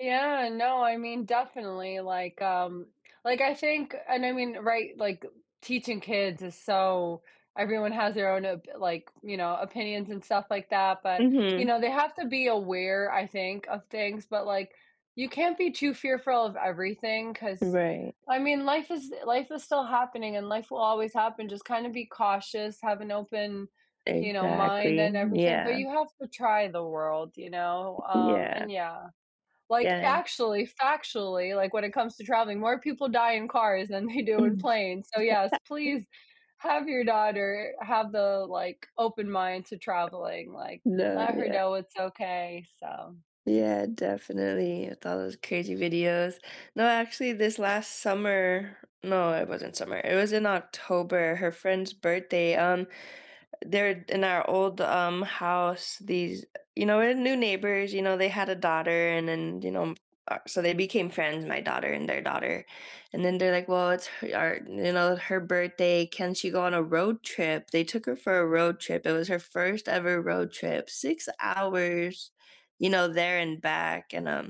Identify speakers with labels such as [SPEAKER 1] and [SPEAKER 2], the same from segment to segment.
[SPEAKER 1] Yeah, no, I mean, definitely, like, um like, I think and I mean, right, like, teaching kids is so everyone has their own op like, you know, opinions and stuff like that, but you
[SPEAKER 2] Mhm.
[SPEAKER 1] know, they have to be aware, I think, of things, but, like, you can't be too fearful of everything 'cause,
[SPEAKER 2] Right.
[SPEAKER 1] I mean, life is life is still happening and life will always happen, just kind of be cautious, have an open, you know, mind
[SPEAKER 2] Exactly,
[SPEAKER 1] and everything, but
[SPEAKER 2] yeah.
[SPEAKER 1] you have to try the world, you know, um,
[SPEAKER 2] Yeah.
[SPEAKER 1] and yeah like
[SPEAKER 2] Yeah.
[SPEAKER 1] actually, factually, like, when it comes to traveling, more people die in cars than they do in planes, so, yes,
[SPEAKER 2] [unintelligible]
[SPEAKER 1] please have your daughter have the, like, open mind to traveling, like,
[SPEAKER 2] No,
[SPEAKER 1] let her
[SPEAKER 2] yeah.
[SPEAKER 1] know it's okay, so
[SPEAKER 2] Yeah, definitely with all those crazy videos. No, actually, this last summer- no it wasn't summer, it was in October- her friend's birthday, um they're in our old, um, house, these, you know, we’re new neighbors, you know they had a daughter and then, you know, um uh, so they became friends, my daughter and their daughter, and then they're like, "Well, it's her our, you know, her birthday, can she go on a road trip?" They took her for a road trip, it was her 1st ever road trip 6 hours, you know, there and back, and, um,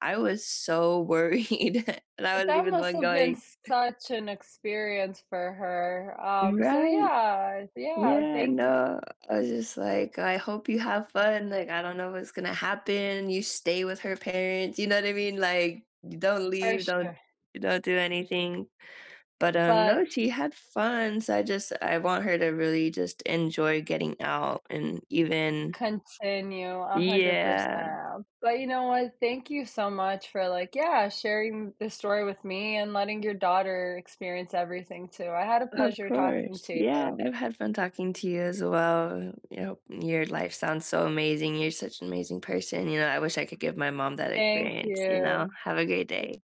[SPEAKER 2] I was so worried, and I
[SPEAKER 1] But
[SPEAKER 2] wasn’t
[SPEAKER 1] that
[SPEAKER 2] even the
[SPEAKER 1] must
[SPEAKER 2] one
[SPEAKER 1] have
[SPEAKER 2] going.
[SPEAKER 1] been such an experience for her, um, so
[SPEAKER 2] Right.
[SPEAKER 1] yeah, yeah,
[SPEAKER 2] Yeah,
[SPEAKER 1] thank y
[SPEAKER 2] no, I was just like, "Oh, I hope you have fun, like, I don't know what's gonna happen. You stay with her parents." You know what I mean? Like, "D don't
[SPEAKER 1] For
[SPEAKER 2] leave, don't
[SPEAKER 1] sure.
[SPEAKER 2] don't do anything." But, um, no,
[SPEAKER 1] But
[SPEAKER 2] she had fun, so I just I want her to really just enjoy getting out and even
[SPEAKER 1] Continue a hundred
[SPEAKER 2] Yeah.
[SPEAKER 1] percent. But you know what, thank you so much for, like, yeah, sharing this story with me and letting your daughter experience everything too. I had a
[SPEAKER 2] Of
[SPEAKER 1] pleasure talking
[SPEAKER 2] course,
[SPEAKER 1] to you
[SPEAKER 2] yeah,
[SPEAKER 1] though.
[SPEAKER 2] I've had fun talking to you as well. Yup, your life sounds so amazing, you're such an amazing person. You know, I wish I could give my mom that
[SPEAKER 1] Thank
[SPEAKER 2] experience, you know?
[SPEAKER 1] you.
[SPEAKER 2] Have a great
[SPEAKER 1] [unintelligible]
[SPEAKER 2] day.